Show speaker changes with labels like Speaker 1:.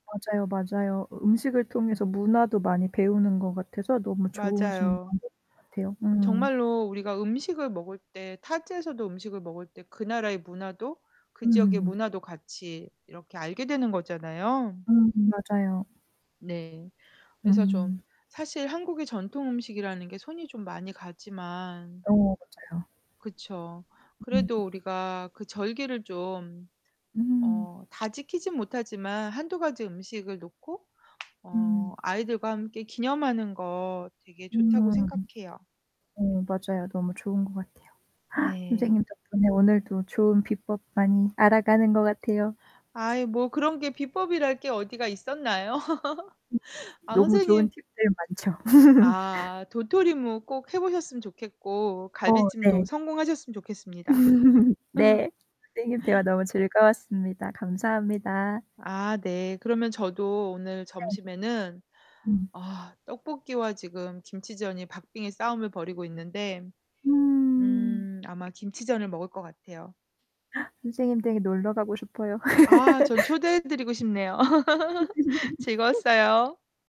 Speaker 1: 맞아요, 맞아요. 으 음식을 통해서 문화도 많이 배우는 것 같아서 너무 좋으신
Speaker 2: 맞아요.
Speaker 1: 방법인 것 같아요. 음.
Speaker 2: 정말로 우리가 음식을 먹을 때 타지에서도 음식을 먹을 때 그 나라의 문화도 그 지역의
Speaker 1: 음.
Speaker 2: 문화도 같이 이렇게 알게 되는 거잖아요.
Speaker 1: 음 맞아요.
Speaker 2: 네. 그래서 좀
Speaker 1: 음.
Speaker 2: 사실 한국의 전통 음식이라는 게 손이 좀 많이 가지만
Speaker 1: 어 맞아요.
Speaker 2: 그쵸.
Speaker 1: 음.
Speaker 2: 그래도 우리가 그 절기를 좀
Speaker 1: 음.
Speaker 2: 어 다 지키진 못하지만 1-2 가지 음식을 놓고
Speaker 1: 음.
Speaker 2: 어 아이들과 함께 기념하는 거 되게 좋다고
Speaker 1: 음.
Speaker 2: 생각해요.
Speaker 1: 어, 맞아요. 너무 좋은 거 같아요.
Speaker 2: 네.
Speaker 1: 선생님 덕분에 오늘도 좋은 비법 많이 알아가는 것 같아요.
Speaker 2: 아이 뭐 그런 게 비법이랄 게 어디가 있었나요?
Speaker 1: [unintelligible]
Speaker 2: 아
Speaker 1: 너무 좋은
Speaker 2: 선생님
Speaker 1: 팁들 많죠.
Speaker 2: 아 도토리묵 꼭 해보셨으면 좋겠고,
Speaker 1: 어 네.
Speaker 2: 갈비찜도 성공하셨으면 좋겠습니다.
Speaker 1: 네, 선생님 대화 너무 즐거웠습니다. 감사합니다.
Speaker 2: 아 네. 그러면 저도 오늘
Speaker 1: 네.
Speaker 2: 점심에는
Speaker 1: 음.
Speaker 2: 아 떡볶이와 지금 김치전이 박빙의 싸움을 벌이고 있는데
Speaker 1: 음.
Speaker 2: 음 아마 김치전을 먹을 것 같아요.
Speaker 1: 선생님 댁에 놀러 가고 싶어요.
Speaker 2: 아 전 초대해 드리고 싶네요. 즐거웠어요.